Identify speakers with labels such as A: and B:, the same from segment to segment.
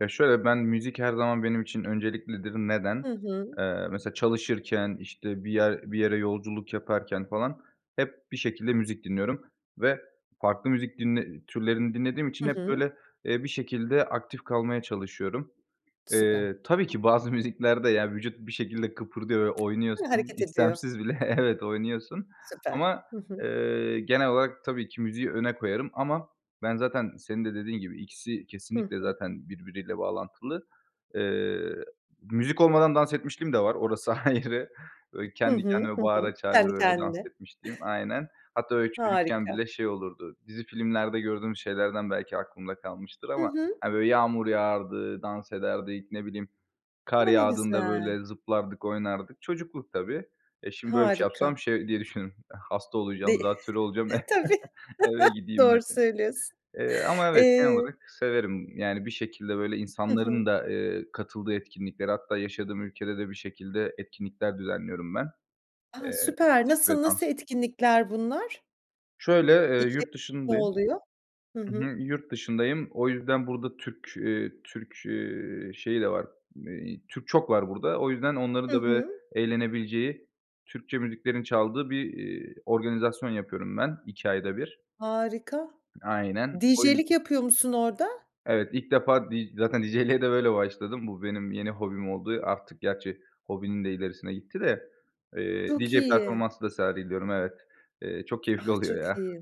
A: Ya şöyle, ben müzik her zaman benim için önceliklidir.
B: Hı
A: Neden?
B: hı.
A: Eee, mesela çalışırken, işte, bir yer bir yere yolculuk yaparken falan, hep bir şekilde müzik dinliyorum. Ve farklı müzik dinle türlerini dinlediğim için,
B: Hı
A: hep
B: hı.
A: böyle, eee, bir şekilde aktif kalmaya çalışıyorum. Eee,
B: Süper.
A: tabii ki bazı müziklerde, yani, vücut bir şekilde kıpırdıyor ve
B: Hı,
A: oynuyorsun.
B: hareket ediyor.
A: İstemsiz bile Evet oynuyorsun.
B: Süper.
A: Ama,
B: Hı hı.
A: eee, genel olarak, tabii ki müziği öne koyarım. Ama ben zaten, senin de dediğin gibi, ikisi
B: Hı
A: kesinlikle
B: hı.
A: zaten birbiriyle bağlantılı. Eee, müzik olmadan dans etmişliğim de var, orası ayrı. Böyle,
B: Hı
A: kendi
B: hı.
A: kendime
B: Hı hı.
A: bağıra çağıra,
B: Kendi
A: böyle dans
B: kendine.
A: etmişliğim Aynen. Hatta, böyle, çocukken bile
B: Harika.
A: şey olurdu, dizi filmlerde gördüğümüz şeylerden belki aklımda kalmıştır
B: Hı
A: ama,
B: hı.
A: hani, böyle yağmur yağardı, dans ederdik, ne bileyim, kar
B: A ne
A: yağdığında,
B: güzel.
A: böyle, zıplardık, oynardık. Çocukluk tabii. Eee, şimdi böyle bir şey
B: Harika.
A: yapsam, şey diye düşünürüm, "Hasta
B: D
A: olacağım,
B: eh
A: zatürre olacağım."
B: E tabii.
A: eve gideyim
B: Doğru
A: derim.
B: söylüyorsun.
A: Eee, ama evet, genel
B: Eee
A: olarak severim. Yani bir şekilde böyle
B: Hı hı.
A: insanların da, eee, katıldığı etkinliklere hatta yaşadığım ülkede de bir şekilde etkinlikler düzenliyorum ben.
B: A
A: Eee,
B: süper.
A: müzik ve
B: Nasıl, nasıl
A: dans.
B: etkinlikler bunlar?
A: Şöyle, eee,
B: İçerik
A: yurt
B: ne
A: dışındayım
B: oluyor? Hı
A: Hı
B: hı.
A: hı. Yurt dışındayım, o yüzden burada Türk, eee, Türk, eee, şeyi de var, eee, Türk çok var burada. O yüzden, onların
B: Hı
A: da böyle
B: hı.
A: eğlenebileceği, Türkçe müziklerin çaldığı bir, iii, organizasyon yapıyorum ben, iki ayda bir.
B: Harika.
A: Aynen. O yüz
B: DJ'lik yapıyor musun orada?
A: Evet. İlk defa, d zaten DJ´liğe de böyle başladım. Bu benim yeni hobim oldu. Artık, gerçi hobinin de ilerisine gitti de. Eee,
B: Çok
A: DJ
B: iyi.
A: performansı da sergiliyorum, evet. Eee, çok
B: A
A: keyifli oluyor
B: çok
A: ya.
B: iyi.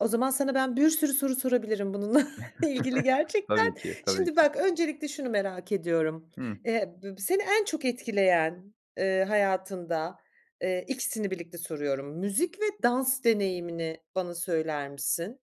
B: O zaman, sana ben bir sürü soru sorabilirim bununla ilgili gerçekten.
A: Tabii ki, tabii
B: Şimdi
A: ki.
B: bak, öncelikle şunu merak ediyorum.
A: Hı.
B: Eee, b b seni en çok etkileyen, eee, hayatında, eee, ikisini birlikte soruyorum müzik ve dans deneyimini bana söyler misin?